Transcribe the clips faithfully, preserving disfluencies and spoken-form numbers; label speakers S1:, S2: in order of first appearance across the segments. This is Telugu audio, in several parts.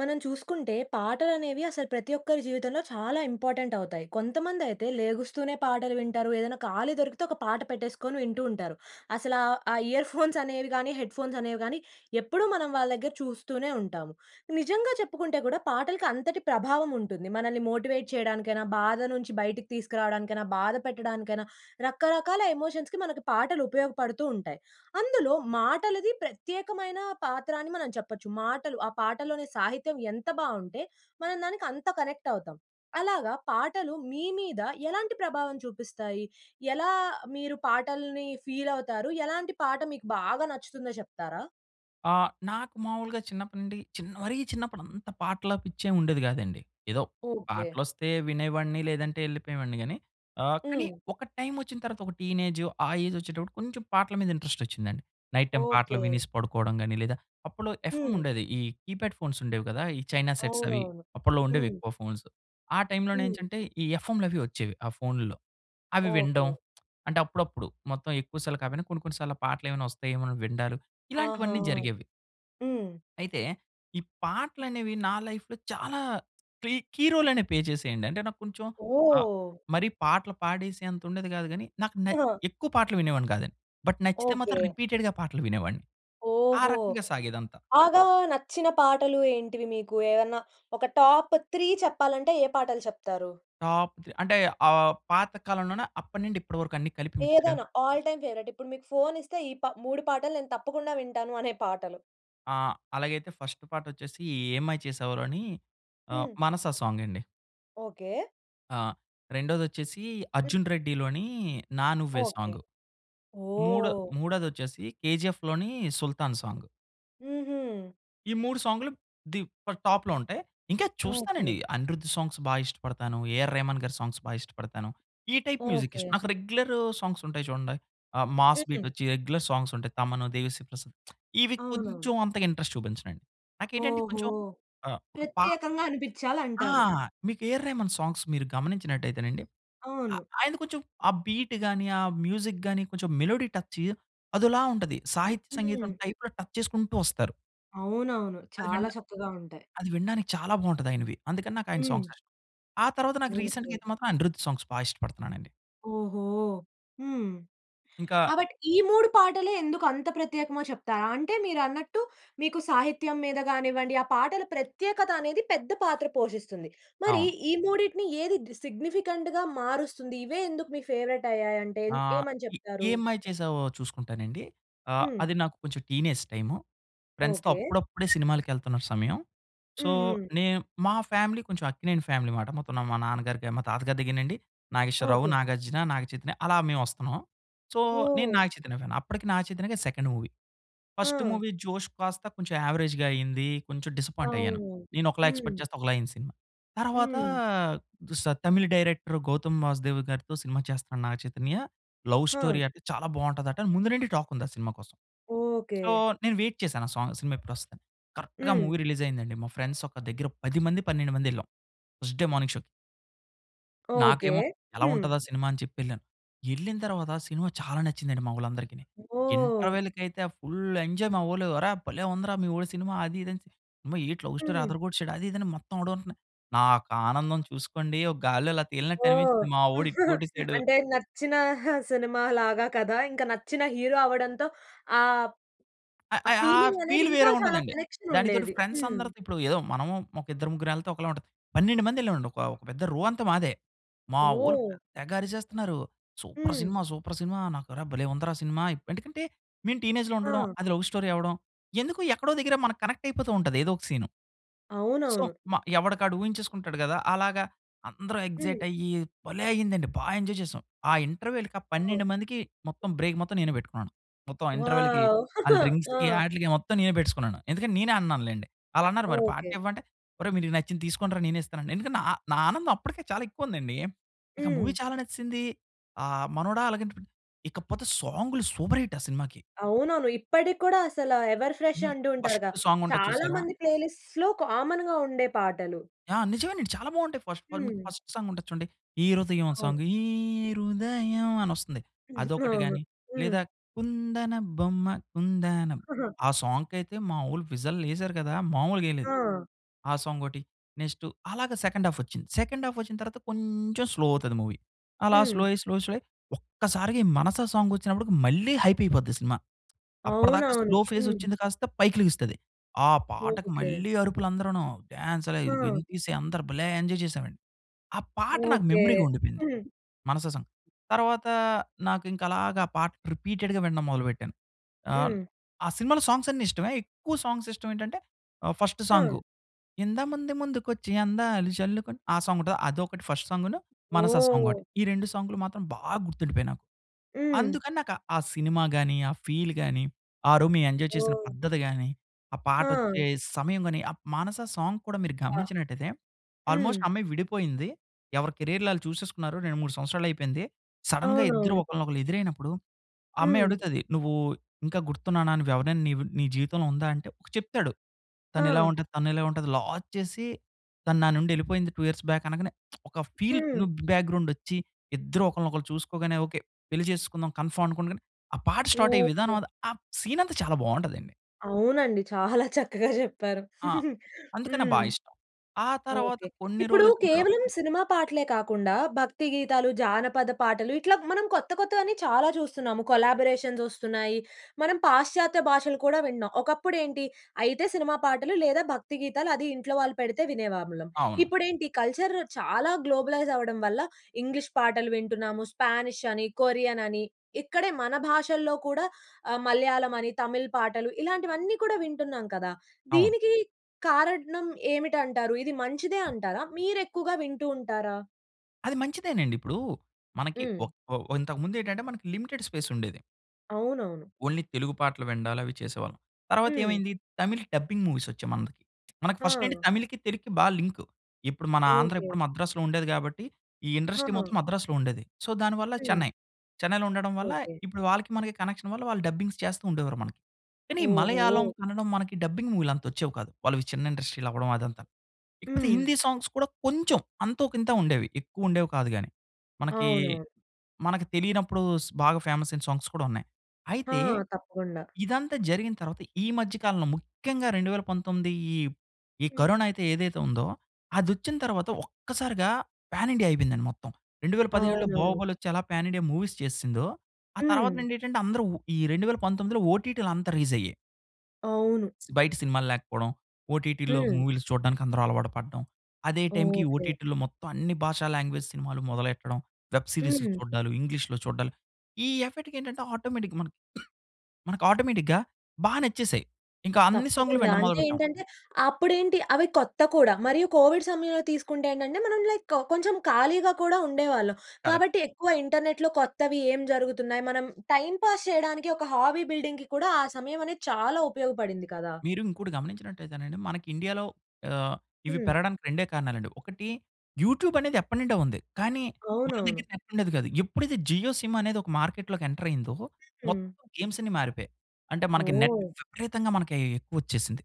S1: మనం చూసుకుంటే పాటలనేవి అసలు ప్రతి ఒక్కరి జీవితంలో చాలా ఇంపార్టెంట్ అవుతాయి. కొంతమందయితే లేగుస్తూనే పాటలు వింటారు ఏదైనా ఖాళీ దొరికితే ఒక పాట పెట్టేసుకొని వింటూ ఉంటారు. అసల ఆ, ఆ ఇయర్ ఫోన్స్ అనేవి కాని హెడ్‌ఫోన్స్ అనేవి కాని ఎప్పుడూ మనం వాళ్ళ దగ్గర చూస్తూనే ఉంటాము. నిజంగా చెప్పుకుంటే కూడా పాటలకి అంతటి ప్రభావం ఉంటుంది. మనల్ని మోటివేట్ చేయడానికైనా, బాధ నుంచి బయటికి తీసుకురావడానికైనా, బాధ కథ పెట్టడానికైనా, రకరకాల ఎమోషన్స్‌కి మనకి పాటలు ఉపయోగపడుతూ ఉంటాయి. అందులో మాటలది ప్రత్యేకమైన పాత్ర అని మనం చెప్పొచ్చు. మాటలు ఆ పాటలోని సాహిత్యం ఎంత బావుంటే మనం దానికి అంత కనెక్ట్ అవుతాం. అలాగా పాటలు మీ మీద ఎలాంటి ప్రభావం చూపిస్తాయి? ఎలా మీరు పాటల్ని ఫీల్ అవుతారు? ఎలాంటి పాట మీకు బాగా నచ్చుతుందో చెప్తారా?
S2: ఆ! నాకు మావులుగా చిన్నప్పటి నుండి చిన్ మరీ చిన్నప్పుడంతా పాటల పిచ్చేమివుండేది కాదండి. ఏదో
S1: ఓకే.
S2: పాటలు వస్తే వినేవాడిని లేదంటే ఎళ్ళిపోయేవాడిని గాని ఆహ్, కానీ
S1: హ్మ్.
S2: ఒక టైమ్ వచ్చిన తర్వాత ఒక టీనేజ్ ఆ ఏజ్ వచ్చేటప్పుడు కొంచెం పాటల మీద ఇంట్రెస్ట్ వచ్చిందండి. నైట్ టైమ్ పాటలు
S1: ఓకే.
S2: వినేసి పడుకోవడం గాని లేదా అప్పల్లో ఎఫ్ఎమ్
S1: హ్మ్.
S2: ఉండేది. ఈ కీప్యాడ్ ఫోన్స్ ఉండేవి కదా! ఈ చైనా సెట్స్ అవి
S1: అవునవును.
S2: అప్పల్లో ఉండేవి
S1: హ్మ్.
S2: ఎక్కువ ఫోన్స్. ఆ టైమ్‌లో
S1: హ్మ్.
S2: నెంచంటే ఈ ఎఫ్ఎమ్‌లావి వచ్చేవి ఆ ఫోను‌లో అవి వినడం
S1: ఓకే.
S2: అంటే అప్పుడప్పుడు మొత్తం ఎక్కువ సార్లు కాపోయినా కొన్ని, కొన్ని సార్లు ఆ పాటలేమైనా వస్తాఏమో అని వినడాలు
S1: ఆహా!
S2: ఇలాంటివన్నీ జరిగేవి.
S1: హ్మ్.
S2: అయితే, ఈ పాటలు అనేవి నా లైఫ్‌లో చాలా క్లీ కీ రోల్ అనే ప్లే చేసేయండి. అంటే నాకు కొంచెం ఆహ్,
S1: ఓహ్!
S2: మరి పాటలు పాడేసేంత ఉండేది కాదు కానీ నాకు నే
S1: ఆ!
S2: ఎక్కువ పాటలు వినేవాడిని కాదండి. బట్ నచ్చితే మాత్రం
S1: ఓకే.
S2: రిపీటెడ్‌గా పాటలు వినేవాడిని. ఆ
S1: ఓహూ!
S2: రకంగా సాగేదంతా.
S1: బాగా నచ్చిన పాటలు ఏంటివి మీకు? ఏమైనా ఒక టాప్ త్రీ చెప్పాలంటే ఏ పాటలు చెప్తారు?
S2: ఆప్ అంటే ఆహ్, పాత కాలంలోనే అప్పటినుండి ఇప్పటి వరకు అన్ని కలిపి మిక్స్‌డా?
S1: ఏదైనా? All time favourite. ఇప్పుడు మీకు ఫోన్ ఇస్తే ఈ ప మూడు పాటలు నెను తప్పకుండా వింటాను అనే పాటలు?
S2: ఆ! అలాగైతే ఫస్ట్ పాటొచ్చేసి 'ఏం మాయ చేశావె' లోని ఆహ్,
S1: హ్మ్.
S2: 'మనస' సాంగ్ అండి.
S1: ఓకె.
S2: ఆ! రెండోదొచ్చేసి 'అర్జున్ రెడ్డి' లోని 'నా నువ్వే'
S1: ఓకె.
S2: సాంగు. మూడో
S1: ఓహ్!
S2: మూడోదొచ్చేసి 'కేజీఎఫ్‌' లోని 'సుల్తాన్' సాంగ్.
S1: హుహు.
S2: ఈ మూడు సాంగులు ది ప టాప్‌లో ఉంటాయి. ఇంకా
S1: ఓకె.
S2: చూస్తానండి అనిరుద్ సాంగ్స్ బా ఇష్టపడతాను. ఏఆర్ రెహమాన్‌గారి సాంగ్స్ బా ఇష్టపడతాను. ఈ టైప్ మ్యూజిక్ ఇష్టం.
S1: ఓకె.
S2: నాకు రెగ్యులర్ సాంగ్స్ ఉంటాయి చూడండి. ఆహ్, మాస్
S1: హుహు.
S2: బీట్ ఒచ్చి రెగ్యులర్ సాంగ్స్ ఉంటాయి. తమన్, దేవిశ్రీ ప్రసాద్ ఇవి
S1: అవునవును.
S2: కొంచెం అంతగా ఇంట్రెస్ట్ చూపించనండి. నాకేంటంటే
S1: ఓహో!
S2: కొంచెం ఆహ్, ఒక పా
S1: ప్రత్యేకంగా
S2: ఆ!
S1: అనిపించాలంటారు.
S2: మీకు ఏఆర్ రెహమాన్ సాంగ్స్ మీరు గమనించినట్టయితేనండి. ఆహ్,
S1: అవును.
S2: ఆయన కొంచెం ఆ బీట్‌ గాని, ఆ మ్యూజిక్‌ గాని కొంచెం మెలోడీ టచ్ అదోలా ఉంటది. సాహిత్య సంగీతం
S1: హ్మ్.
S2: టైప్‌లో టచ్ చేసుకుంటూ ఒస్తారు.
S1: అవునవును.
S2: అది
S1: చాలా
S2: వినడ
S1: చక్కగా ఉంటాయి.
S2: అది వినడానికి చాలా బాగుంటది ఆయనవి. అందుకని నాకు ఆయన సాంగ్స్
S1: హ్మ్.
S2: ఇష్టం. ఆ తర్వాత నాకు రీసెంట్‌గా
S1: ఓకె.
S2: అయితే మాత్రం అనిరుద్ సాంగ్స్ బాగ ఇష్టపడతనానండి.
S1: ఓహో! హ్మ్.
S2: ఇంకా
S1: కాబట్టి ఈ మూడు పాటలే ఎందుకు అంత ప్రత్యేకమో చెప్తారా? అంటే మీరన్నట్టు, మీకు సాహిత్యం మీద గానివ్వండి ఆ పాటల ప్రత్యేకత అనేది పెద్ద పాత్ర పోషిస్తుంది. మరి
S2: అవును.
S1: ఈ మూడిటిని ఏది సిగ్నిఫికెంట్‌గా మారుస్తుంది? ఇవే ఎందుకు మీ ఫేవరెట్ అయ్యాయి అంటే,
S2: ఆ!
S1: ఏమని
S2: ఎ
S1: చెప్తారు?
S2: 'ఏం మాయ చేసావె' చూసుకుంటానండి. ఆహ్,
S1: హ్మ్.
S2: అది నాకు కొంచెం టీనేజ్ టైము. ఫ్రెండ్స్‌తో
S1: ఓకె.
S2: అప్పుడప్పుడే సినిమాలకి ఎళ్తున్న సమయం. సో,
S1: హుహు.
S2: నేను మా ఫ్యామిలీ కొంచెం అక్కినేని ఫ్యామిలీ మాట. మొత్తం మా నాన్నగారికి మా తాతగారి దగ్గరనండి నాగేశ్వరరావు,
S1: ఓకె.
S2: నాగార్జున, నాగచైతన్య అలా మేము వస్తున్నాం. సో, నేను
S1: ఓహ్!
S2: నాగచైతన్య ఫ్యాన్. అప్పటికి నాగచైతన్యకి అది సెకండ్ మూవీ. ఫస్ట్
S1: ఆ!
S2: మూవీ 'జోష్' కాస్త కొంచెం యావరేజ్‌‌గా అయింది. కొంచెం డిస్సపాయింట్ అయ్యాను.
S1: అవును.
S2: నేను ఒకలా ఎక్స్‌పెక్ట్
S1: హ్మ్.
S2: చేస్తే ఒకలా అయ్యింది సినిమా. తర్వాత
S1: హ్మ్.
S2: చూస్త తమిళ్ డైరెక్టర్ గౌతమ్ వాసుదేవ్‌గారితో సినిమా చేస్తున్నాడు నాగ చైతన్య, 'లవ్
S1: ఆ!
S2: స్టోరీ' అంట చాలా బాగుంటదట అని ముందు నుండి టాక్ ఉంది ఆ సినిమా కోసం. So,
S1: okay.
S2: నేను వెయిట్ చేశాను ఆ సాంగ్ సినిమా ఎప్పుడొస్తదని. కరెక్ట్‌గా
S1: హ్మ్.
S2: మూవీ రిలీజ్ అయింది అండి. మా ఫ్రెండ్స్ ఒక దగ్గర పది మంది, పన్నెండు మంది వెళ్ళాం ఫస్ట్ డే మార్నింగ్ షోకి.
S1: ఓకే.
S2: నాకేమో ఎలా
S1: హ్మ్.
S2: ఉంటదా? ఆ సినిమా అని చెప్పి యెళ్ళాను. యెళ్ళిన తర్వాత సినిమా చాలా నచ్చింది అండి మా ఓళ్ళందరికిని.
S1: ఓహ్!
S2: ఇంటర్వల్‌కైయితే ఫుల్ ఎంజాయ్ మా వోళ్ళు. "అరె! భలే ఉందిరా మీ వోడు సినిమా" అది ఇది అని. అమ్మా! ఏంటి లవ్ స్టోరీ
S1: హ్మ్.
S2: అదర కొట్టేసాడు. అది ఇది అని మొత్తం వాడు. నాకు ఆనందం చూసుకోండి. ఒక గాలిలో అలా తేలినట్టు
S1: ఓహ్!
S2: అనిపించింది మా వోడు హిట్టు కొట్టేసాడు.
S1: అంటే నచ్చిన సినిమా లాగా కదా! ఇంకా నచ్చిన హీరో అవ్వడంతో ఆహ్,
S2: అ,
S1: ఆ
S2: అ, ఆ
S1: ఫీలింగ్ అనేది
S2: ఫీల్
S1: ఇంకా
S2: వేరేగా
S1: చాలా
S2: ఉంటది అండి.
S1: కనెక్షన్
S2: దానికితోడు
S1: ఉండేది.
S2: ఫ్రెండ్స్
S1: హ్మ్.
S2: అందరితో ఏదో మనము ఒక ఇద్దరు, ముగ్గురెళ్తే ఒకలా ఉంటది. పన్నెండు మంది ఎళ్ళామండి ఒక, ఒక పెద్ద రో అంతా మాదే. మా ఓళ్ళు
S1: ఓహ్!
S2: పెద్ద తెగ అరిచేస్తున్నారు. సూపర్
S1: హ్మ్.
S2: సినిమా సూపర్ సినిమా. నాకు అరె భలే ఉందిరా సినిమా. ఎందుకంటే మేము టీనేజ్‌లో ఉండడం.
S1: ఆ!
S2: అది లవ్ స్టోరీ అవ్వడం, ఎందుకో ఎక్కడో దగ్గర మనకు కనెక్ట్ అయిపోతూ ఉంటది, ఏదో ఒక సీను. సో,
S1: అవునవును.
S2: మ ఎవడికి వాడు ఊహించేసుకుంటాడు గదా! అలాగా అందరు
S1: హ్మ్.
S2: ఎక్సైట్ అయ్యి భలే అయింది అండి. బా ఎంజాయ్ చేసాం. ఆ ఇంటర్వల్‌కి ఆ
S1: ఓహ్!
S2: పన్నెండు మందికి మొత్తం బ్రేక్ మొత్తం నేనే పెట్టుకున్నాను. మొత్తం ఆ ఇంటర్వల్‌కి
S1: వావ్!
S2: ఆళ్ల డ్రింక్స్‌కి,
S1: ఆ!
S2: ఆటిలికి మొత్తం నేనే పెట్టేసుకున్నాను. ఎందుకంటే నేనే అన్నాను లెండి. ఆళ్ళన్నారు మరి
S1: ఓకే.
S2: పార్టీ ఇవ్వా? అంటే ఒరేయ్ మీకు నచ్చింది తీసుకోండిరా నేనే ఇస్తానని. ఎందుకంటే నా, నా ఆనందం అప్పటికే చాలా ఎక్కువ ఉంది అండి. ఇంకా
S1: హ్మ్.
S2: మూవీ చాలా నచేసింది ఆహ్, మనోడ అలాగే.ఇకపోతే సాంగ్‌లు సూపర్ హిట్ ఆ సినిమాకి.
S1: అవునవును. ఇప్పటికి కూడా అసల ఎవర్ ఫ్రెష్
S2: హ్మ్,
S1: అంటూ ఉంటారు
S2: ఫస్ట్
S1: గా!
S2: సాంగ్ ఉంటది
S1: చాలా
S2: చూసారా?
S1: మంది ప్లేలిస్ట్‌లో కామన్‌గా ఉండే పాటలు.
S2: ఆ! నిజమే అండి. చాలా బావుంటాయి ఫస్ట్ పార్ట్ మీకు
S1: హ్మ్.
S2: ఫస్ట్ సాంగ్ ఉంటది చూడండి. ఈ 'హృదయం'
S1: అవును.
S2: సాంగ్. ఈ హృదయం అని ఒస్తుంది. అదొకటి
S1: అవును.
S2: గాని లేదా
S1: హ్మ్.
S2: కుందన బొమ్మ కుందన ఆ సాంగ్‌కయితే మా ఓళ్లు విజిల్ ఎసారు కదా! మామూలుగా ఎయలేదు.
S1: ఆ!
S2: ఆ సాంగ్ ఒకటి. నెక్స్ట్ అలాగే సెకండ్ హాల్ఫ్ ఒచ్చింది. సెకండ్ హాల్ఫ్ ఒచ్చిన తర్వాత కొంచెం స్లో అవుతది మూవీ. అలా
S1: హ్మ్.
S2: స్లో అయ్యి, స్లో అయ్యి, స్లో అయ్యి ఒక్కసారిగా ఈ 'మనసా' సాంగ్ వచ్చినప్పటికి మళ్ళీ హైప్ అయిపోద్ది సినిమా. అప్పటిదాకా
S1: అవునవును.
S2: స్లో ఫేస్
S1: హ్మ్.
S2: వచ్చింది కాస్త పైకిలెగుస్తది. ఆ పాటకి
S1: ఓకే.
S2: మళ్ళీ అరుపులు అందరును. డాన్స్
S1: హా!
S2: అయి అందరు భలే ఎంజాయ్ చేసాం అండి. ఆ పాట నాకు
S1: ఓకే.
S2: మెమరీగా ఉండిపోయింది.
S1: హ్మ్.
S2: మనసా సాంగ్. తరువాత నాకు ఇంకా అలాగా పాట రిపీటెడ్‌గా వినడం మొదలు పెట్టాను. ఆహ్,
S1: హ్మ్.
S2: ఆ సినిమాలో సాంగ్స్ అన్ని ఇష్టమే. ఎక్కువ సాంగ్స్ ఇష్టం ఏంటంటే ఫస్ట్
S1: ఆ!
S2: సాంగ్. 'ఇంత మంది ముందుకు వచ్చి అందాలు జల్లుకొని' ఆ సాంగ్ ఉంటది, అది ఒకటి ఫస్ట్ సాంగును, 'మనసా' సాంగ్ ఒకటి.
S1: ఓహ్!
S2: ఈ రెండు సాంగ్‌లు మాత్రం బాగా గుర్తు ఉండిపోయాయి నాకు.
S1: హ్మ్.
S2: అందుకని నాకు ఆ సినిమా గాని, ఆ ఫీల్ గాని, ఆ రోజు మేం ఎంజాయ్ చేసిన
S1: ఓహ్!
S2: పద్ధతి గాని, ఆ పాట
S1: హా!
S2: ఒచ్చే సమయం గాని, ఆ మానస సాంగ్ కూడా మీరు
S1: అబ్బా!
S2: గమనించినట్లయితే,
S1: హ్మ్.
S2: ఆల్‌మోస్ట్ ఆ అమ్మాయి విడిపోయింది. ఎవరి కేరియర్‌లు ఆళ్ళు చూసేసుకున్నారు. రెండు, మూడు సంవత్సరాలు అయిపోయింది. సడెన్‌గా ఇద్దరు
S1: అవునవును.
S2: ఒకళ్లనొకరు ఎదురైనప్పుడు. ఆ అమ్మాయి
S1: హ్మ్.
S2: అడుగుతాది. నువ్వు ఇంకా గుర్తున్నానా? నువ్వు ఎవరైనా నీవి నీ జీవితంలో ఉందా? అంటే. చెప్తాడు తను ఇలా
S1: హా!
S2: ఉంటాది? తను ఇలా ఉంటది లా చేసి తను నా నుండి ఎళ్ళిపోయింది టూ ఇయర్స్ బాక్ అనంగానే ఒక ఫీల్
S1: హ్మ్.
S2: లుక్ బ్యాక్‌గ్రౌండ్ ఒచ్చి, ఇద్దరు ఒకళ్లనొకరు చూసుకోగానే, ఓకే, పెళ్లి చేసుకుందాం కన్ఫర్మ్ అనుకోగానే, ఆ పాట స్టార్ అయ్యే విధానం
S1: ఓహో!
S2: అది, ఆ సీన్ అంతా చాలా బావుంటది అండి.
S1: అవునండి. చాలా చక్కగా చెప్పారు
S2: ఆ! అందుకనే బా
S1: హ్మ్,
S2: ఇష్టం. ఆ తర్వాత
S1: ఓకే.
S2: కొన్ని
S1: ఇప్పుడు
S2: రోజులు ఒచ్చిన తర్వాత
S1: కేవలం సినిమా పాటలే కాకుండా భక్తి గీతాలు, జానపద పాటలు ఇట్లా మనం కొత్త కొత్తవన్నీ చాలా చూస్తున్నాం. కొలబొరేషన్స్ ఒస్తున్నాయి. మనం పాశ్చాత్య భాషలు కూడా వింటున్నాం. ఒకప్పుడు ఏంటి అయితే సినిమా పాటలు లేదా భక్తి గీతాలు అది ఇంట్లో వాళ్ళు పెడితే వినేవాళ్ళం.
S2: అవును.
S1: ఇప్పుడేంటి కల్చర్ చాలా గ్లోబలైజ్ అవ్వడం వల్ల ఇంగ్లీష్ పాటలు వింటున్నాము, 'స్పానిష్' అని, 'కొరియన్' అని ఇక్కడే మన భాషల్లో కూడా ఆహ్, 'మలయాళం' అని 'తమిళ' పాటలు, ఇలాంటివన్నీ కూడా వింటున్నాం కదా!
S2: అవును.
S1: దీనికి కారణం ఏమిటి అంటారు? ఇది మంచిదే అంటారా? మీరు ఎక్కువగా వింటూ ఉంటారా?
S2: అది మంచిదేనండి. ఇప్పుడు మనకి
S1: హ్మ్.
S2: ఒక్ ఓహ్! ఇంతకుముందు ఏంటంటే, మనకి లిమిటెడ్ స్పేస్ ఉండేది.
S1: అవునవును.
S2: ఓన్లీ తెలుగు పాటలు విండాలు అవి చేసేవాళ్ళం. తర్వాత
S1: హ్మ్.
S2: ఏమైంది, తమిళ్ డబ్బింగ్ మూవీస్ వచ్చాయి మందికి. మనకి మన ఫస్ట్ నుండి
S1: ఆ!
S2: తమిళ్‌కి, తెలుగుకి బా లింకు. ఇప్పుడు మన ఆంధ్ర
S1: ఓకే.
S2: ఇప్పుడు మద్రాసులో ఉండేది గాబట్టి ఈ ఇండస్ట్రీ
S1: హా!
S2: మొత్తం మద్రాసులో ఉండేది. సో, దానివల్ల
S1: హ్మ్.
S2: చెన్నై, చెన్నైలో ఉండడం వల్ల
S1: ఓకే.
S2: ఇప్పుడు వాళ్ళకి మనకి కనెక్షన్ వల్ల వాళ్ళు డబ్బింగ్స్ చేస్తూ ఉండేవారు మనకి. కానీ, మలయాళం
S1: ఓహో.
S2: కన్నడం మనకి డబ్బింగ్స్ మూవీ‌లు అంత వచ్చేవి కాదు. వాళ్ళు చిన్న ఇండస్ట్రీ‌లు అవ్వడం అదంతా. ఇకపోతే
S1: హ్మ్.
S2: హిందీ సాంగ్స్ కూడా కొంచెం, అంతోకింతో ఉండేవి ఎక్కువ ఉండేవి కాదు గాని. మనకి,
S1: అవునా!
S2: మనకి తెలినప్పుడు స్ బాగా ఫేమస్ అయిన సాంగ్స్ కూడా ఉన్నాయి.
S1: ఆ!
S2: అయితే,
S1: తప్పకుండా.
S2: ఇదంతా జరిగిన తర్వాత ఈ మధ్య కాలంలో ముఖ్యంగా రెండు వేల పంతొమ్మిది ఈ ఈ
S1: హ్మ్.
S2: కరోనా అయితే ఏదైతే ఉందో, అదొచ్చిన తర్వాత ఒక్కసారిగా పాన్ ఇండియా అయిపోయింది మొత్తం. రెండు వేల పదిహేడులో
S1: అవునవును.
S2: బాహుబలి వచ్చి ఎలా పాన్ ఇండియా మూవీస్ చేసేసిందో. ఆ తర్వాత
S1: హ్మ్.
S2: నుండి ఏంటంటే, అందరూ ఈ రెండు వేల పంతొమ్మిదిలో ఓటీటీ‌లు అంతా రేజ్ అయ్యాయి.
S1: అవును.
S2: బయట సినిమాలు లేకపోవడం. ఓటీటీ‌లో
S1: హ్మ్.
S2: మూవీస్‌లు చూడడానికి అందరు అలవాటు పడ్డం. అదే టైమ్‌కి
S1: ఓకే.
S2: ఓటీటీ‌లో మొత్తం అన్ని భాషా లాంగ్వేజ్స్ సినిమాలు మొదలెట్టడం, వెబ్ సీరీస్‌లు
S1: హ్మ్.
S2: చూడ్డాలు ఇంగ్లీష్‌లో చూడ్డాలు, ఈ ఎఫెక్ట్‌కి ఏంటంటే ఆటోమేటిక్‌గా మనకి మనకు ఆటోమేటిక్‌గా బాగా నచ్చేసాయ్. ఇంకా అన్ని సాంగ్‌లు
S1: తప్పకుండా.
S2: వినడం మొదలు
S1: అంటే
S2: పెట్టాం.
S1: ఏంటంటే, అప్పుడేంటి అవి కొత్త కూడా మరియు కోవిడ్ సమయంలో తీసుకుంటే ఏంటంటే, మనం లైక్ కొంచెం ఖాళీగా కూడా ఉండేవాళ్ళం.
S2: కరెక్ట్.
S1: కాబట్టి, ఎక్కువ ఇంటర్నెట్‌లో కొత్తవి ఏం జరుగుతున్నాయి మనం టైమ్ పాస్ చేయడానికి ఒక హాబీ బిల్డింగ్‌కి కూడా ఆ సమయం అనేది చాలా ఉపయోగపడింది కదా!
S2: మీరు ఇంకోటి గమనించినట్టుయితేనండి. మన ఇండియాలో ఆహ్, ఇవి
S1: హ్మ్.
S2: పెరగడానికి రెండే కారణాలండి. ఒకటి యూట్యూబ్ అనేది ఎప్పటి నుండో ఉంది. కానీ, మన
S1: అవునవును.
S2: దగ్గర నెట్ ఉండేది కాదు. ఎప్పుడైతే జియో సిమ్ అనేది ఒక మార్కెట్లోకి ఎంటర్ అయిందో,
S1: హ్మ్.
S2: మొత్తం గేమ్స్ అన్నీ మారిపోయాయి. అంటే, మనకి నెట్
S1: ఓహ్!
S2: విపరీతంగా మనకి ఎక్కువ వచ్చేసింది.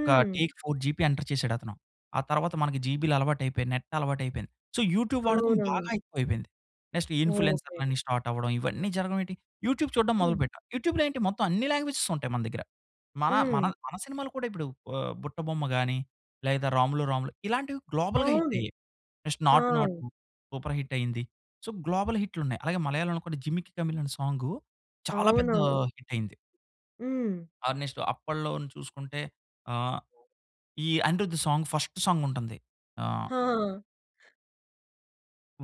S2: ఒక టేక్ ఫోర్ జీబీ ఎంటర్ చేశాడు అతను. ఆ తర్వాత మనకి జీబీలు అలవాటు అయిపోయి, నెట్ అలవాటు అయిపోయింది. సో, యూట్యూబ్ వాడకం
S1: అవునవును.
S2: బాగా ఎక్కువ అయిపోయింది. Next
S1: okay.
S2: ఇన్‌‌ఫ్లూయెన్సర్‌లని స్టార్ట్ అవ్వడం. ఇవన్నీ జరగడం ఏంటి! యూట్యూబ్ చూడడం మొదలు
S1: హ్మ్.
S2: పెట్టాను. యూట్యూబ్‌లో ఏంటి మొత్తం అన్ని లాంగ్వేజ్స్ ఉంటాయి మన దగ్గర. మన, మన,
S1: హ్మ్.
S2: మన సినిమాలు కూడా ఇప్పుడు ఆహ్, 'బుట్టబొమ్మ' గాని, లేదా 'రాములో రాముల' ఇలాంటివి గ్లోబల్‌గా హిట్
S1: అవును.
S2: అయ్యాయి. నెక్స్ట్
S1: ఆ!
S2: 'నాటు, నాటు' సూపర్ హిట్ అయింది. సో, గ్లోబల్ హిట్‌లున్నాయి. అలాగే మలయాళం‌లో కూడా 'జిమికి కమిల్' అనే సాంగ్ చాలా పెద్ద
S1: అవునవును.
S2: హిట్ అయింది.
S1: హ్మ్.
S2: ఆ! నెక్స్టు అప్పల్లోని చూసుకుంటే, ఆహ్, ఈ అనిరుద్ సాంగ్ ఫస్ట్ సాంగ్ ఉంటుంది. ఆహ్
S1: ఆ!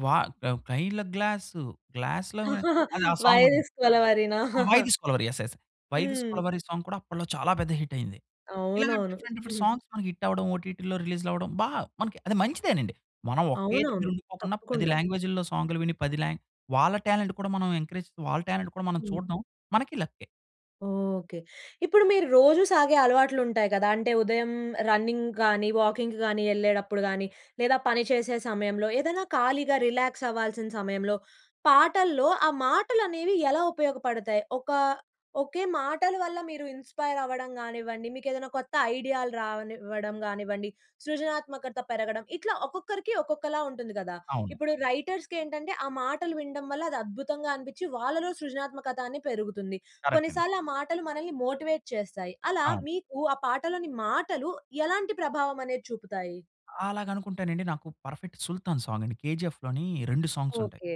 S2: 'వా అ! కైల గ్లాసు గ్లాస్‌లో వై' అది ఆ
S1: 'వై
S2: సాంగ్ ఉంటుంది.
S1: దిస్ కొలవెరీనా?
S2: ఆ! 'Why this Kolaveri' yes, yes. 'Why this
S1: హ్మ్.
S2: కొలవెరి' సాంగ్ కూడా అప్పట్లో చాలా పెద్ద హిట్ అయింది. ఇలాగ
S1: అవునవును.
S2: డిఫరెంట్, డిఫరెంట్
S1: వస్తుంది.
S2: సాంగ్స్ మనకి హిట్టు అవ్వడం ఓటీటీలో రిలీజ్‌లు అవ్వడం. బా అది మనకి మంచిదేనండి. మనం ఒకే
S1: అవునా?
S2: దగ్గర ఉండిపోకుండా పది
S1: తప్పకుండా.
S2: లాంగ్వేజ్‌‌లో సాంగ్‌లు విని పది లాం వాళ్ళ టాలెంట్ కూడా మనం ఎంకరేజ్ వాళ్ళ టాలెంట్ కూడా మనం
S1: హ్మ్.
S2: చూడ్డం మనకి లక్కే.
S1: ఓకే. ఇప్పుడు మీరు రోజూ సాగే అలవాట్లు ఉంటాయి గదా! అంటే ఉదయం రన్నింగ్ గానీ, వాకింగ్ గానీ ఎళ్ళేటప్పుడు గానీ లేదా పని చేసే సమయంలో ఏదైనా ఖాళీగా రిలాక్స్ అవ్వాల్సిన సమయంలో పాటల్లో ఆ మాటలు అనేవి ఎలా ఉపయోగపడతాయి? ఒక ఒకే మాటల వల్ల మీరు ఇన్స్పైర్ అవ్వడం గానివ్వండి. మీకు ఏదైనా కొత్త ఐడియాలు రానివ్వడం కానివ్వండి. సృజనాత్మకత పెరగడం ఇట్లా ఒక్కొక్కరికి ఒక్కొక్కలా ఉంటుంది కదా!
S2: అవును.
S1: ఇప్పుడు రైటర్స్‌కి ఏంటంటే ఆ మాటలు వినడం వల్ల అది అద్భుతంగా అనిపిచ్చి వాళ్ళలో సృజనాత్మకత అనేది పెరుగుతుంది.
S2: కరెక్ట్ అండి.
S1: కొన్నిసార్లు ఆ మాటలు మనల్ని మోటివేట్ చేస్తాయి. అలా
S2: అవును.
S1: మీకు ఆ పాటలోని మాటలు ఎలాంటి ప్రభావం అనేది చూపుతాయి?
S2: అలాగా అనుకుంటేనండి. నాకు పర్ఫెక్ట్ 'సుల్తాన్' సాంగ్ అండి. 'కేజీఎఫ్‌లోని' రెండు సాంగ్స్ ఉంటాయి.
S1: ఓకె.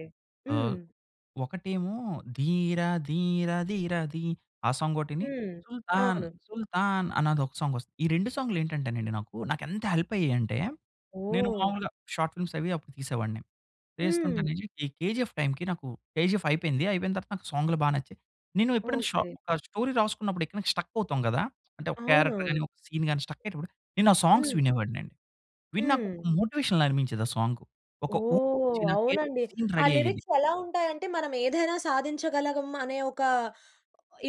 S2: ఆహ్,
S1: హ్మ్.
S2: ఒకటేమో 'ధీర ధీర ధీర ధీ' ఆ సాంగ్ ఒకటీని
S1: హ్మ్.
S2: 'సుల్తాన్
S1: అవును.
S2: సుల్తాన్' అన్నది ఒక సాంగ్ వస్తుంది. ఈ రెండు సాంగ్‌లు ఏంటంటేనండి నాకు నాకు ఎంత హెల్ప్ అయ్యాయి అంటే నేను
S1: ఓహ్!
S2: మామూలుగా షార్ట్ ఫిల్మ్స్ అవి అప్పుడు తీసేవాడిని.
S1: హ్మ్.
S2: చేస్తుంటేనే ఈ 'కేజీఎఫ్' టైంకి నాకు 'కేజీఎఫ్' అయిపోయింది. అయిపోయిన తర్వాత నాకు సాంగ్‌లు బా నచ్చాయి. నేను ఎప్పుడైనా ఒక షా
S1: ఓకె.
S2: ఒక స్టోరీ రాసుకున్నప్పుడు ఎక్కడైనా స్ట్రక్ అవుతాం కదా! అంటే ఒక క్యారెక్టర్
S1: అవునవును.
S2: గాని ఒక సీన్ గాని స్ట్రక్ అయ్యేటప్పుడు నేను ఆ సాంగ్స్
S1: హ్మ్.
S2: వినేవాడిని అండి. విని నాకు ఒక
S1: హ్మ్.
S2: మోటివేషన్‌లా అనిపించేది ఆ సాంగు. ఒక ఊపు వచ్చి
S1: ఓహ్!
S2: నాకు ఏదో ఒక
S1: అవునండి.
S2: సీన్
S1: ఆ
S2: రెఢీ అయ్యేది.
S1: లిరిక్స్ ఎలా ఉంటాయి అంటే మనం ఏదైనా సాధించగలం అనే ఒక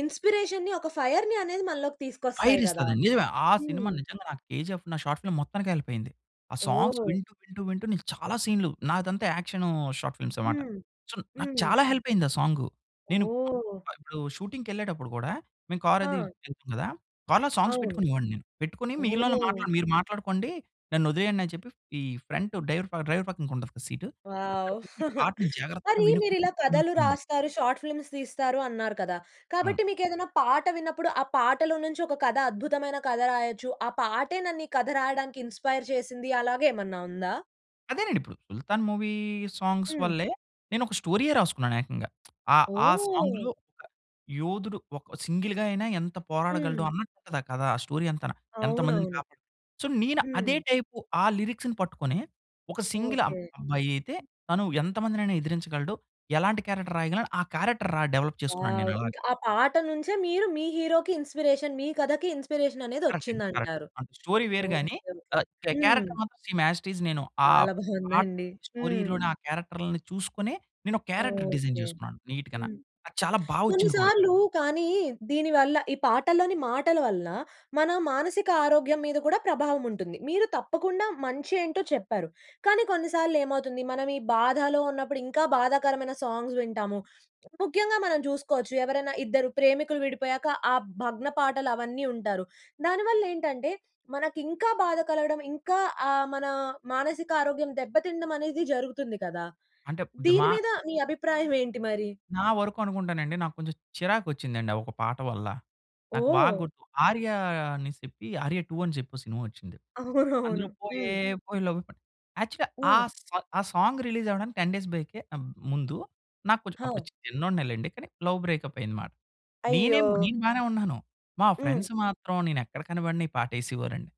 S1: ఇన్స్పిరేషన్‌ని, ఒక ఫైర్‌ని అనేది మనలోకి
S2: ఫైర్
S1: తీసుకొస్తాయి కదా!
S2: ఇస్తాది. నిజమే. ఆ సినిమా
S1: హ్మ్.
S2: నిజంగా నాకు 'కేజీఎఫ్' నా షార్ట్ ఫిల్మ్ మొత్తానికి హెల్ప్ అయింది. ఆ సాంగ్స్
S1: ఓహ్!
S2: వింటూ, వింటూ, వింటూ నేను చాలా సీన్‌లు నాదంతా యాక్షనూ షార్ట్ ఫిల్మ్స్ అనమాట.
S1: హ్మ్.
S2: సో నాకు
S1: హ్మ్.
S2: చాలా హెల్ప్ అయింది ఆ సాంగ్. నేను ఆ!
S1: ఓహ్!
S2: ఆహ్, ఇప్పుడు షూటింగ్‌కి ఎళ్ళేటప్పుడు కూడా మేము కార్ అది
S1: హా!
S2: ఎళ్తాం కదా! కార్‌లో సాంగ్స్
S1: అవును.
S2: పెట్టుకుని వినేవాడిని నేను. పెట్టుకొని మిగిలినోళ్లని
S1: ఓహ్!
S2: మాట్లాడుకో మీరు మాట్లాడుకోండి. నన్ను వదిలేయండి అని చెప్పి ఈ ఫ్రంట్ డైవర్ పక్కన డ్రైవర్ పక్కన ఉంటది కదా! సీటు. అక్కడ
S1: వావ్!
S2: కూర్చొని పాటని జాగ్రత్తగా
S1: మరి మీరు
S2: వినుకుంటూ
S1: ఇలా కథలు
S2: [unintelligible]
S1: రాస్తారు. షార్ట్ ఫిల్మ్స్ తీస్తారు అన్నారు కదా!
S2: అవును.
S1: కాబట్టి మీకు ఏదైనా పాట విన్నప్పుడు ఆ పాటలొ నుంచి ఒక కథ అద్భుతమైన కథ రాయొచ్చు. ఆ పాటే నన్ను ఈ కథ రాయడానికి ఇన్స్పైర్ చేసింది. అలాగ ఏమన్నా ఉందా?
S2: అదేనండిప్పుడు. 'సుల్తాన్' మూవీ సాంగ్స్
S1: హ్మ్.
S2: వల్లే నేను ఒక స్టోరీయే రాసుకున్నాను ఏకంగా. ఆహ్, ఆ
S1: ఓహ్!
S2: సాంగ్‌లో ఆహ్, యోధుడు ఒక సింగిల్‌గా అయినా, ఎంత పోరాడగలడు
S1: హ్మ్.
S2: అన్నట్టుదా కధ. ఆ స్టోరీ అంతన. ఎంత మందిని
S1: అవునవును.
S2: కాపాడు. సో, నేను
S1: హ్మ్.
S2: అదే టైపు ఆ లిరిక్స్‌ని పట్టుకొని, ఒక సింగిల్ అబ్
S1: ఓకే.
S2: అబ్బాయి అయితే, తను ఎంత మందినైనా ఎదిరించగలడు, ఎలాంటి క్యారెక్టర్ రాయగలను ఆ క్యారెక్టర్ రా డెవలప్ చేసుకున్నాను
S1: వావ్.
S2: నేను అలాగా.
S1: ఇంకా ఆ పాట నుంచే మీరు, మీ హీరోకి ఇన్‌స్పిరేషన్ మీ కథకి ఇన్‌స్పిరేషన్ అనేది
S2: కరెక్ట్ అండి కరెక్ట్.
S1: వచ్చిందంటారు.
S2: అంటే స్టోరీ వేరు గాని,
S1: ఓకే, ఓకే.
S2: ఆహ్, క్యా
S1: హ్మ్.
S2: క్యారెక్టర్ మాత్రం సేమ్, యాజ్ ఇట్ ఈజ్ నేను ఆ
S1: చాలా బాగుందండి.
S2: పాటలోని
S1: హ్మ్.
S2: స్టోరీ‌లోని ఆ క్యారెక్టర్‌లని చూసుకొని, నేనొక క్యారెక్టర్ డిజైన్
S1: ఓకే.
S2: చేసుకున్నాను, నీట్‌గన.
S1: హ్మ్.
S2: అది చాలా బాగా వచ్చింది కూడా.
S1: కొన్నిసార్లు కానీ దీని వల్ల ఈ పాటలని మాటల వల్ల మన మానసిక ఆరోగ్యం మీద కూడా ప్రభావం ఉంటుంది. మీరు తప్పకుండా మంచి ఏంటో చెప్పారు. కానీ కొన్నిసార్లు ఏమవుతుంది మనం ఈ బాధలో ఉన్నప్పుడు ఇంకా బాధాకరమైన సాంగ్స్ వింటాము. ముఖ్యంగా మనం చూసుకోవచ్చు ఎవరైనా ఇద్దరు ప్రేమికులు విడిపోయాక ఆ భగ్న పాటలు అవన్నీ ఉంటారు. దానివల్ల ఏంటంటే మనకి ఇంకా బాధ కలగడం. ఇంకా ఆహ్, మన మానసిక ఆరోగ్యం దెబ్బతినడమనేది జరుగుతుంది కదా!
S2: అంటే ది
S1: దీని
S2: మా
S1: మీద మీ అభిప్రాయం ఏంటి మరి?
S2: నా వరుకనుకుంటానండి నాకు కొంచెం చిరాకు వచ్చిందండి, ఆ ఒక పాట వల్ల. నాకు బాగా
S1: ఓహ్!
S2: గుర్తు. 'ఆర్య' అనిసేప్పి, 'ఆర్య టు' అని చెప్పి ఓ సినిమా వచ్చింది.
S1: అవునవును.
S2: అందులో పోయే
S1: హ్మ్.
S2: పోయే లవ్వే పోని యాక్చువల్లీ ఆ
S1: ఆ!
S2: సాంగ్ ఆ సాంగ్ రిలీజ్ అవ్వడానికి టెన్ డేస్ బ్యాకే ఆహ్, ముందు నాకు కొంచం అప్పుడు
S1: ఓహ్!
S2: చిన్నోడినే లెండి. కానీ లవ్ బ్రేకప్ అయింది మాట.
S1: అయ్యో!
S2: నేనేం నేను బానే ఉన్నాను. మా
S1: హ్మ్.
S2: ఫ్రెండ్స్ మాత్రం నేనెక్కడ కనపడని ఈ పాట ఎసేవారండి.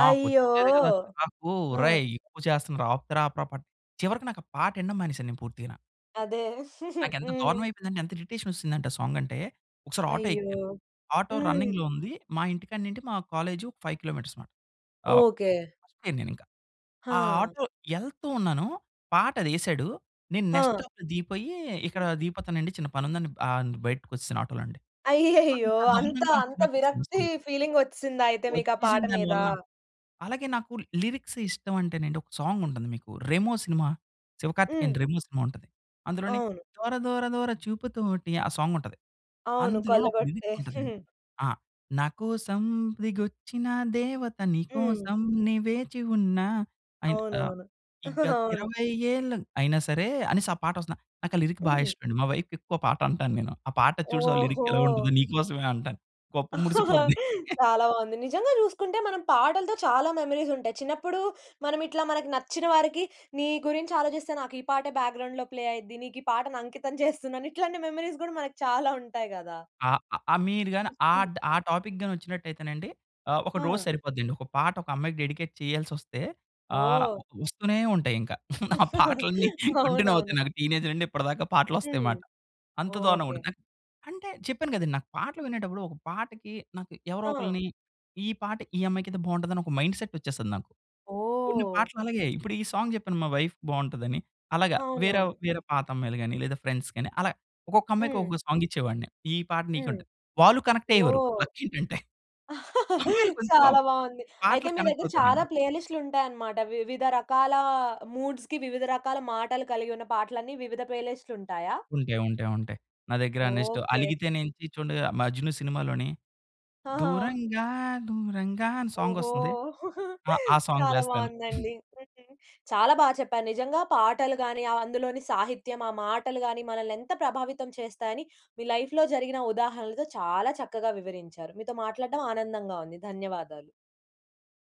S2: నాకు
S1: అయ్యో!
S2: వచ్చేది కదా! చిరాకు.
S1: ఆ!
S2: ఒరేయ్! ఎక్కువ చేస్తున్నరు ఆపుతార ఆపరా పాట. చివరకు నాకు ఆ పాట వినడం మానేసాను నేను పూర్తిగన.
S1: అదే.
S2: నాకెంత
S1: హ్మ్.
S2: దారుణవయిపోయిందంటే, ఎంత ఇరిటేషనొచ్చేసిందంటే ఆ సాంగంటే. ఒకసారి ఆటో
S1: అయ్యో!
S2: ఎక్కాను. ఆటో
S1: హ్మ్.
S2: రన్నింగ్‌లో ఉంది. మా ఇంటి కాడ నిండి మా కాలేజు ఒక ఫైవ్ కిలోమీటర్స్ మాట. ఆహ్,
S1: ఓకే.
S2: [unintelligible] పోయాను నేనింకా. ఆ
S1: ఆ!
S2: ఆటో యెళ్తూ ఉన్నాను, పాటదేశాడు. నేను నెక్స్ట్
S1: ఆ!
S2: స్టాప్‌లో దిగిపోయీ, ఇక్కడా దిగిపోతానండి, చిన్న పనుందని ఆహ్, న్ బయటకొచ్చేశాను ఆటోలోండి.
S1: అయ్యయ్యో!
S2: అంత
S1: అంత,
S2: దారుణంగా
S1: అంత
S2: నచ్చిందొక సినిమా
S1: విరక్తీ
S2: సాంగ్.
S1: ఫీలింగొచ్చేసిందా అయితే మీకు ఆ పాట
S2: ఒచ్చేసింది దాని
S1: మీదా?
S2: వల్ల. అలాగే నాకు లిరిక్స్ ఇష్టవంటేనండి, ఒక సాంగుంటంది మీకు. 'రెమో' సినిమా, 'శివ కార్తికేయన్‌'ది
S1: హ్మ్.
S2: 'రెమో' సినిమా ఉంటది. అందులోని
S1: అవును.
S2: దోర దోర దోర చూపుతోటి ఆ సాంగుంటది.
S1: అవును.
S2: అందులోన ఒక
S1: కొల్లగొట్టే.
S2: లిరిక్కుంటదండి. ఆ! నా కోసం దిగొచ్చిన దేవత నీ
S1: హ్మ్.
S2: కోసం నే వేచి ఉన్న అయిన ఆహ్,
S1: అవునవును.
S2: ఈ గత
S1: అవును.
S2: ఇరవై ఏళ్లు, అయినా సరే అనేసి ఆ పాటొస్తన్నా. నాకు ఆ లిరిక్ బా
S1: హ్మ్.
S2: ఇష్టమండి. మా వైఫ్‌కెక్కువ ఆ పాటంటాను నేను. ఆ పాట చూశావా లిరిక్కెలా
S1: ఓహో!
S2: ఉంటదో నీ కోసమే అంటాను. గొప్ప మురిసిపోద్ది.
S1: చాలా బావుంది. నిజంగా చూసుకుంటే, మనం పాటలతో చాలా మెమోరీసుంటాయి. చిన్నప్పుడూ, మనమిట్లా మనకి నచ్చిన వారికి, నీ గురించాలోచిస్తే నాకు ఈ పాటే బ్యాక్‌గ్రౌండ్‌లో ప్లే అయి‌ద్ది. నీకు ఈ పాటను అంకితం చేస్తున్నాను. ఇట్లాంటి మెమరీస్ గూడా మనకి చాలా ఉంటాయి గదా!
S2: ఆ! ఆహ్, ఆహ్, మీరు గానీ
S1: హ్మ్.
S2: ఆడ్ ఆ టాపిక్ గానీ ఒచ్చినట్టయితేనండి, ఆహ్, ఒక రోజు
S1: ఆ!
S2: సరిపోద్దండి. ఒక పాట ఒక అమ్మాయికి డెడికేట్ చెయ్యాల్సొస్తే ఆహ్,
S1: ఓహ్!
S2: ఒ ఒస్తూనే ఉంటాయింక. ఆ పాటలన్నీ కంటిన్యూ
S1: అవునవును.
S2: అవుతున్నారు. టీనేజ్ నుండి ఇప్పడదాకా
S1: హ్మ్.
S2: పాటలొస్తాయిమాట. అంత
S1: ఓకే.
S2: దారుణంగుంటది. అన్ అంటే, చెప్పాను గదండి, నాకు పాటలు వినేటప్పుడు, ఒక పాటకి నాకు ఎవరో
S1: ఆ!
S2: ఒకలని, ఈ పాట ఈ అమ్మాయికయితే బావుంటదని ఒక మైండ్ సెట్టొచ్చేస్తది నాకు. కొన్ని
S1: ఓహ్!
S2: పాటలలాగే. ఇప్పుడు ఈ సాంగ్ చెప్పాను మా వైఫ్‌కి బావుంటదని, అలాగా వేరవ్
S1: అవునవును.
S2: వేరే పాతమ్మాయిలు‌ గానీ, లేదా ఫ్రెండ్స్‌ గానీ, అలా ఒక్కొక్కమ్మాయికి,
S1: హ్మ్.
S2: ఒకొక్క సాంగిచ్చేవాడిని, ఈ పాట
S1: హ్మ్.
S2: నీకంటూ. వాళ్ళు కనెక్టయ్యేవారు,
S1: ఓహ్!
S2: లక్కేంటంటే. అమ్మాయిలు కొంచం
S1: చాలా బావుంది. అయితే,
S2: పాటలకి
S1: మీ దగ్గర చాలా
S2: కనెక్టవుతారండి.
S1: ప్లేలిస్ట్‌లుంటాయనమాట. వివిధ రకాలా మూడ్స్‌కి, వివిధ రకాల మాటలు కలిగి ఉన్న పాటలన్నీ వివిధ ప్లేలిస్ట్‌లుంటాయా?
S2: ఉంటాయి. ఉంటాయి. ఉంటాయి. నా దగ్గర నెక్స్ట్
S1: ఓకే.
S2: అలిగితే నేను చీ చుండగ 'మజ్ను' సినిమాలోని
S1: ఆహా!
S2: దూరంగా దూరంగా అని
S1: ఓహో!
S2: సాంగొస్తది. ఆ! ఆ సాంగ్
S1: చాలా
S2: వేస్తాను.
S1: బావుందండి. హ్మ్. చాలా బా చెప్పారు. నిజంగా పాటలు‌ గానీ, ఆహ్, అందులోని సాహిత్యం, ఆ మాటలు‌ గానీ, మనల్నెంత ప్రభావితం చేస్తాయని, మీ లైఫ్‌లో జరిగిన ఉదాహరణలతో చాలా చక్కగా వివరించారు. మీతో మాట్లాడడం ఆనందంగా ఉంది. ధన్యవాదాలు.